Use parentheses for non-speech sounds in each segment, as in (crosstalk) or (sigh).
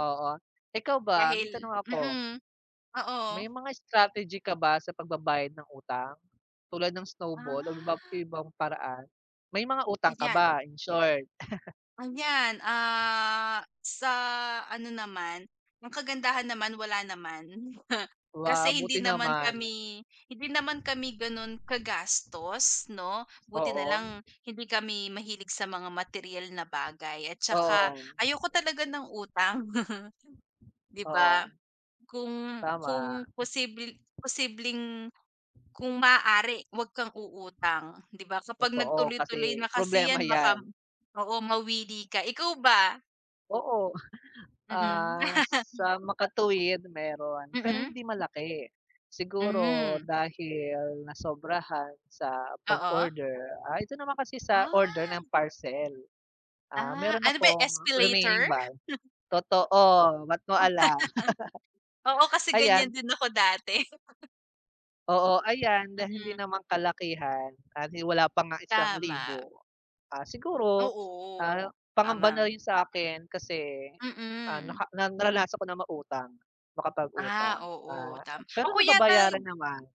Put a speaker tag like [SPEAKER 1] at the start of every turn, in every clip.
[SPEAKER 1] Oo, ikaw ba? May
[SPEAKER 2] Dahil
[SPEAKER 1] tanong ako.
[SPEAKER 2] mm,
[SPEAKER 1] May
[SPEAKER 2] oo.
[SPEAKER 1] mga strategy ka ba sa pagbabayad ng utang? Tulad ng snowball o iba
[SPEAKER 2] Ah.
[SPEAKER 1] ibang paraan? May mga utang ka
[SPEAKER 2] Ayan.
[SPEAKER 1] ba, in short? (chuckles)
[SPEAKER 2] Ayan, ah, sa ano naman, ang kagandahan naman wala naman. (chuckles)
[SPEAKER 1] Wow,
[SPEAKER 2] Kasi hindi
[SPEAKER 1] buti
[SPEAKER 2] naman
[SPEAKER 1] naman.
[SPEAKER 2] kami, hindi naman kami gano'n kagastos 'no. Buti
[SPEAKER 1] Oo.
[SPEAKER 2] nalang hindi kami mahilig sa mga materyal na bagay at saka
[SPEAKER 1] Oo.
[SPEAKER 2] ayoko talaga ng utang. (chuckles) 'Di ba?
[SPEAKER 1] Oo.
[SPEAKER 2] Kung, kung
[SPEAKER 1] Tama.
[SPEAKER 2] posible posibleng kung maaari wag kang uutang. 'Di ba, kapag nag
[SPEAKER 1] Totoo
[SPEAKER 2] tuloy-tuloy na
[SPEAKER 1] kasi
[SPEAKER 2] kasi
[SPEAKER 1] problema
[SPEAKER 2] yan baka
[SPEAKER 1] yan.
[SPEAKER 2] oo, mawili ka ikaw ba?
[SPEAKER 1] Oo,
[SPEAKER 2] Mm.
[SPEAKER 1] (chuckles) sa
[SPEAKER 2] (chuckles)
[SPEAKER 1] makatuwid mayro'n pero
[SPEAKER 2] Mm.
[SPEAKER 1] hindi malaki. Siguro
[SPEAKER 2] Hmm.
[SPEAKER 1] dahil nasobrahan sa
[SPEAKER 2] Oo.
[SPEAKER 1] pag-order, ah, ito naman kasi sa order
[SPEAKER 2] Ah.
[SPEAKER 1] ng parcel, ah,
[SPEAKER 2] Ah,
[SPEAKER 1] mayro'n
[SPEAKER 2] ano ba yan
[SPEAKER 1] akong remaining
[SPEAKER 2] Spaylater?
[SPEAKER 1] bal
[SPEAKER 2] (chuckles)
[SPEAKER 1] totoo, ba't mo
[SPEAKER 2] (chuckles)
[SPEAKER 1] alam?
[SPEAKER 2] Oo
[SPEAKER 1] (laughs)
[SPEAKER 2] kasi
[SPEAKER 1] Ayan.
[SPEAKER 2] ganyan din ako dati. (chuckles)
[SPEAKER 1] Oo, ayan dahil hindi
[SPEAKER 2] Mm.
[SPEAKER 1] naman kalakihan at wala pa nga isang
[SPEAKER 2] Tama.
[SPEAKER 1] libo ah, siguro, ah,
[SPEAKER 2] Oo,
[SPEAKER 1] pangamba na
[SPEAKER 2] tama.
[SPEAKER 1] rin sa akin kasi, ah,
[SPEAKER 2] Mm.
[SPEAKER 1] naka na naranasan ko na mangutang
[SPEAKER 2] Ah,
[SPEAKER 1] makapag-utang,
[SPEAKER 2] oo
[SPEAKER 1] ah,
[SPEAKER 2] tama
[SPEAKER 1] pero
[SPEAKER 2] ako yata
[SPEAKER 1] nababayaran naman.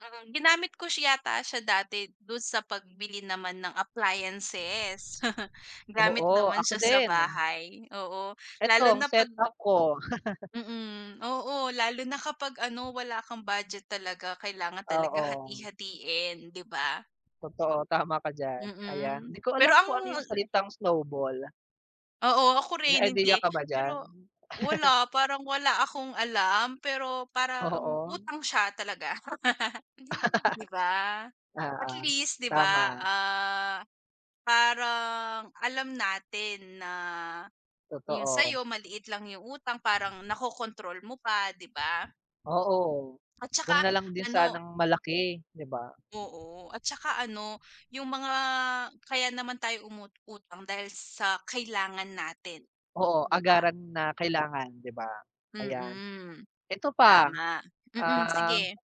[SPEAKER 2] Mm, ginamit ko siya yata siya dati do'n sa pagbili naman ng appliances (chuckles)
[SPEAKER 1] Oo,
[SPEAKER 2] gamit naman
[SPEAKER 1] ako
[SPEAKER 2] siya sa
[SPEAKER 1] din.
[SPEAKER 2] bahay, oo
[SPEAKER 1] Eto
[SPEAKER 2] lalo
[SPEAKER 1] ang
[SPEAKER 2] na pag
[SPEAKER 1] setup ko. (laughs)
[SPEAKER 2] Mm, oo lalo na kapag ano wala kang budget talaga kailangan talaga
[SPEAKER 1] Oo.
[SPEAKER 2] hati-hatiin 'di ba?
[SPEAKER 1] Totoo, tama ka diyan, ayan.
[SPEAKER 2] Mm,
[SPEAKER 1] 'Di ko alam
[SPEAKER 2] pero ang
[SPEAKER 1] kung ano yung salitang snowball.
[SPEAKER 2] Oo, ako
[SPEAKER 1] May
[SPEAKER 2] rin
[SPEAKER 1] idea
[SPEAKER 2] hindi,
[SPEAKER 1] ka ba diyan?
[SPEAKER 2] pero
[SPEAKER 1] (laughs)
[SPEAKER 2] wala parang wala akong alam pero parang
[SPEAKER 1] Oo.
[SPEAKER 2] utang siya talaga. (laughs) 'Di ba?
[SPEAKER 1] (laughs) Oo,
[SPEAKER 2] Atl east 'di
[SPEAKER 1] tama.
[SPEAKER 2] ba, ah, parang alam natin na yung
[SPEAKER 1] Totoo.
[SPEAKER 2] sayo maliit lang yung utang parang nakokontrol mo pa 'di ba?
[SPEAKER 1] Oo,
[SPEAKER 2] At
[SPEAKER 1] wag
[SPEAKER 2] saka
[SPEAKER 1] nalang din
[SPEAKER 2] ano
[SPEAKER 1] sanang malaki 'di ba?
[SPEAKER 2] Oo at saka ano yung mga kaya naman tayo umuutang dahil sa kailangan natin
[SPEAKER 1] Oo,
[SPEAKER 2] 'di ba?
[SPEAKER 1] agaran na kailangan 'di ba? Ayan,
[SPEAKER 2] Mm.
[SPEAKER 1] eto pa,
[SPEAKER 2] Tama, mm, sige.
[SPEAKER 1] um